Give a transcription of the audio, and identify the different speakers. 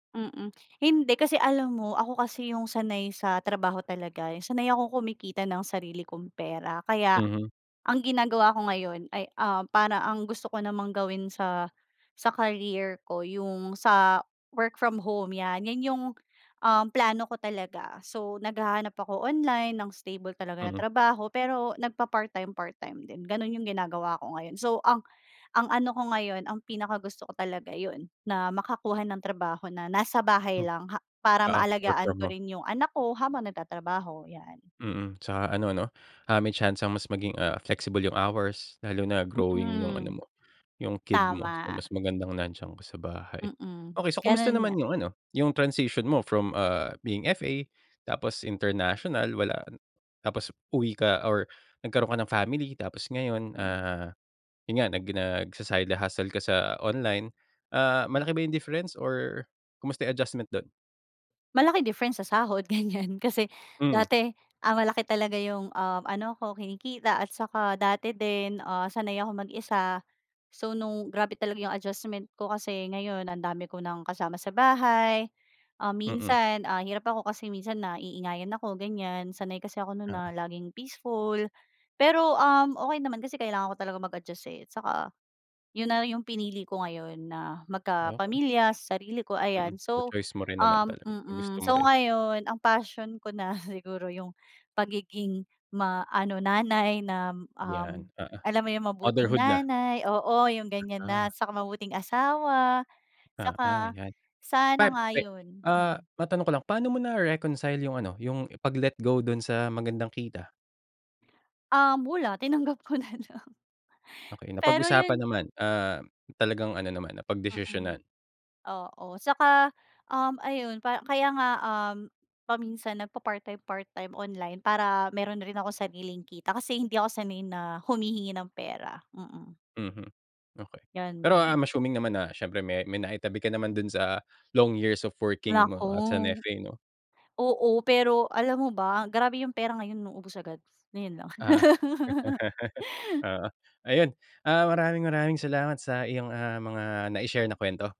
Speaker 1: Mm. Hindi, kasi alam mo, ako kasi yung sanay sa trabaho talaga, yung sanay akong kumikita ng sarili kong pera. Kaya,
Speaker 2: Mhm.
Speaker 1: ang ginagawa ko ngayon ay, ah, para ang gusto ko namang gawin sa, sa career ko, yung sa work from home, 'yan, 'yan yung, um, plano ko talaga. So, naghahanap ako online ng stable talaga na
Speaker 2: Mm.
Speaker 1: trabaho, pero nagpa-part time part-time din. Gano'n yung ginagawa ko ngayon, so ang ang ano ko ngayon, ang pinakagusto ko talaga yun, na makakuha ng trabaho na nasa bahay
Speaker 2: M
Speaker 1: lang ha para
Speaker 2: oo, work
Speaker 1: maalagaan
Speaker 2: from
Speaker 1: ko
Speaker 2: home.
Speaker 1: rin yung anak ko habang nagtatrabaho, 'yan.
Speaker 2: Mm, saka ano 'no, ah, may tiyansang mas maging, ah, flexible yung hours, lalo na growing yung
Speaker 1: Mm.
Speaker 2: ano mo, yung kid mo.
Speaker 1: Tama.
Speaker 2: Mas magandang nandiyan ka sa bahay.
Speaker 1: Mm.
Speaker 2: Okey, so kumusta
Speaker 1: Gano'n nga.
Speaker 2: naman yung ano, yung transition mo from, ah, being FA tapos international, wala tapos uwi ka or nagkaroon ka ng family tapos ngayon,
Speaker 1: Mm.
Speaker 2: ah, yun nga, nag nagsa-side hustle ka sa online. Ah, malaki ba yung difference or kamusta yung adjustment do'n?
Speaker 1: Malaki difference sa sahod ganiyan. Kasi
Speaker 2: Mm.
Speaker 1: dati, ah, malaki talaga yung, um, ano ko, kinikita at saka dati din, ah, sanay akong mag-isa. So, nung grabe talaga yung adjustment ko kasi ngayon, ang dami ko nang kasama sa bahay. Ah,
Speaker 2: Mm.
Speaker 1: minsan, ah, hirap ako kasi minsan naiingayan ako, ganiyan, sanay kasi ako nun na
Speaker 2: Oo.
Speaker 1: laging peaceful. Pero, um, okey naman kasi kailangan ko talaga mag-adjust, eh, saka yun na yung pinili ko ngayon, na
Speaker 2: Okey.
Speaker 1: magkapamilya sa sarili ko,
Speaker 2: Mm,
Speaker 1: ayan.
Speaker 2: so
Speaker 1: So,
Speaker 2: choice mo rin naman
Speaker 1: um
Speaker 2: talaga, ginusto
Speaker 1: mm,
Speaker 2: mo
Speaker 1: so
Speaker 2: rin?
Speaker 1: ngayon, ang passion ko na siguro yung pagiging maano nanay nam
Speaker 2: 'Yan,
Speaker 1: um,
Speaker 2: oo.
Speaker 1: alam mo yung mabuting
Speaker 2: Motherhood na.
Speaker 1: nanay oo, yung ganiyan na.
Speaker 2: Ganda.
Speaker 1: Saka mabuting asawa,
Speaker 2: Oo,
Speaker 1: saka
Speaker 2: 'yan.
Speaker 1: sana
Speaker 2: Pan
Speaker 1: nga
Speaker 2: pe
Speaker 1: yun,
Speaker 2: ah,
Speaker 1: mm.
Speaker 2: matanong ko lang, pa'no mo nare-reconcile yung ano, yung pag-let go dun sa magandang kita?
Speaker 1: Um, wala. Tinanggap ko na lang.
Speaker 2: Okey,
Speaker 1: Pero
Speaker 2: napag-usapan
Speaker 1: yun
Speaker 2: naman, ah, talagang ano naman,
Speaker 1: Mm.
Speaker 2: napagdesisyonan?
Speaker 1: Oo. Saka, um, ayun pa kaya nga, um, paminsan nagpa-part-time part-time online para meron rin ako sariling kita, kasi hindi ako sanay na humihingi ng pera, mm.
Speaker 2: Mhm, okey. Pero
Speaker 1: Ganun.
Speaker 2: I'm assuming naman na siyempre, may may naitabi ka naman dun sa long years of working mo as an
Speaker 1: Nako.
Speaker 2: FA 'no?
Speaker 1: Oo, pero alam mo ba, grabe yung pera ngayon 'no, ubos agad. Ngayon lang.
Speaker 2: Ah, oo. Ayun, ah, maraming maraming salamat sa iyong, ah, mga nai-share na kuwento.